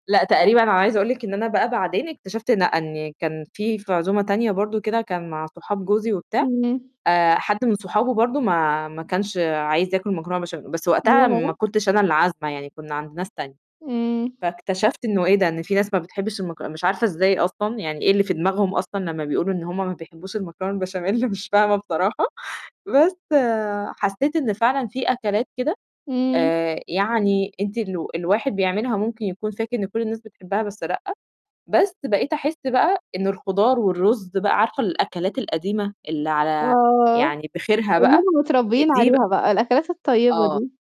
لأ، تقريبًا أنا عايزة أقول لِك إن أنا بقى بعدين اكتشفت لأ، إن كان في في عزومة تانية برضه وكده كان مع صحاب جوزي وبتاع اهم. آآ، حد من صحابه برضه ما ما كانش عايز ياكل مكرونة بشام بس وقتها ياه! ما كنتش أنا اللي عازمة يعني كنّا عند ناس تانية. إمم. فاكتشفت إنه إيه ده، إن في ناس ما بتحبّش المك مش عارفة إزاي أصلًا يعني إيه اللي في دماغهم أصلًا لمّا بيقولوا إن هم ما بيحبّوش المكرونة البشاميل مش فاهمة بصراحة. بس حسّيت إن فعلًا في أكلات كده إمم. آآ، يعني أنتِ الو الواحد بيعملها وممكن يكون فاكر إن كل الناس بتحبّها بس لأ. بس بقيت أحِس بقى إن الخُضار والرُز بقى عارفة الأكلات القديمة اللي على آه، يعني بخيرها اللي بقى هم آآ، متربّين دي بق عليها بقى، الأكلات الطيبة آه. دي.